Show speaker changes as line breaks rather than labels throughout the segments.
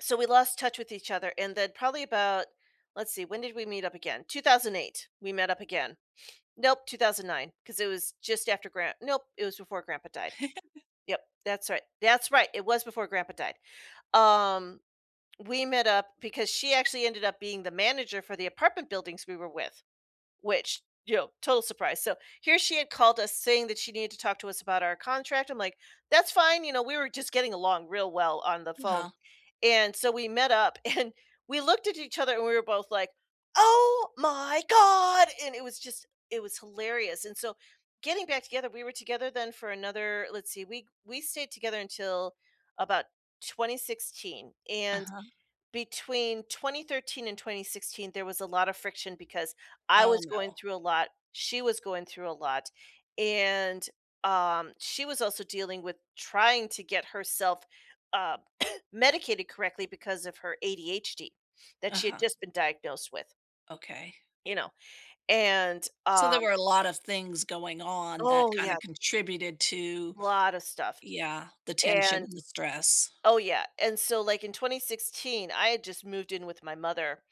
So, we lost touch with each other and then probably about, let's see, when did we meet up again? 2008, we met up again. Nope, 2009, 'cause it was just after Gran nope, it was before Grandpa died. Yep, that's right. That's right, it was before Grandpa died. Um, we met up because she actually ended up being the manager for the apartment buildings we were with. Which, you know, total surprise, so, here she had called us saying that she needed to talk to us about our contract, I'm, like, "That's fine," you know, we were just getting along real well on the
Mm
phone
Huh.
and so, we met up and we looked at each other and we were both, like, "Oh my god" and it was just it was hilarious and so getting back together we were together then for another let's see, we we stayed together until about 2016 and
Uh-huh.
between 2013 and 2016, there was a lotta friction because I
Oh,
was going
no.
through a lot, she was going through a lot, and, um, she was also dealing with trying to get herself, uh, medicated correctly because of her ADHD that she had
Uh-huh.
just been diagnosed with.
Okay.
You know, and,
So, there
um
were a lot of things going on that
Oh,
kinda
yeah.
contributed to
Lotta stuff.
Yeah, the tension
And
and the stress.
Oh yeah, and so, like, in 2016, I had just moved in with my mother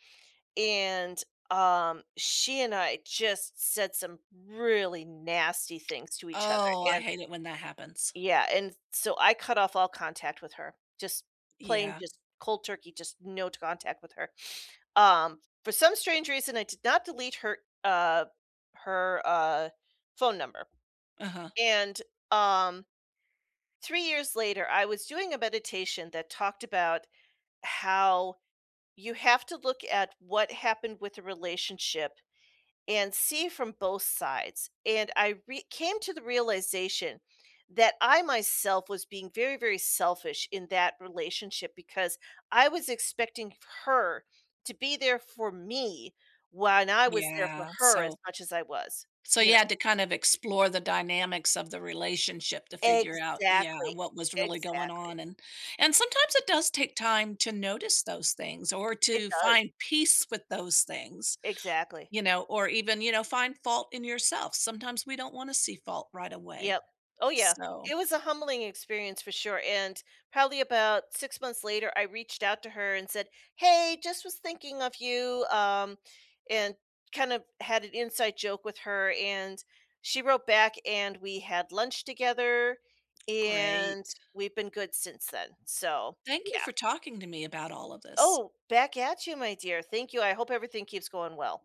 and, um, she and I just said some really nasty things to each other
Oh, I
and
hate it when that happens.
yeah, and s so I cut off all contact with her, just plain
Yeah.
just cold turkey, just no t contact with her. Um, for some strange reason, I did not delete her, uh her, uh, phone number
Uh-huh.
and, um, 3 years later, I was doing a meditation that talked about how you have to look at what happened with the relationship and see from both sides, and I re came to the realization that I myself was being very, very selfish in that relationship because I was expecting f her to be there for me when I was there for
Yeah,
her as
so
much as I was,
So,
you
you
know
had to kinda explore the dynamics of the relationship to figure out yeah,
Exactly,
and what was really going
exactly.
on and and sometimes it does take time to notice those things or
It
to
does.
find peace with those things,
Exactly.
you know, or even, you know, find fault in yourself. Sometimes we don't wanna see fault right away,
Yep. Oh yeah.
so
It was a humbling experience for sure and probably about 6 months later, I reached out to her and said, "Hey, just was thinking of you," um, and kind of had an inside joke with her, and she wrote back and we had lunch together, and
Great.
we've been good since then, so,
Thank you
yeah.
for talking to me about all of this.
Oh, back at you, my dear, thank you, I hope everything keeps going well.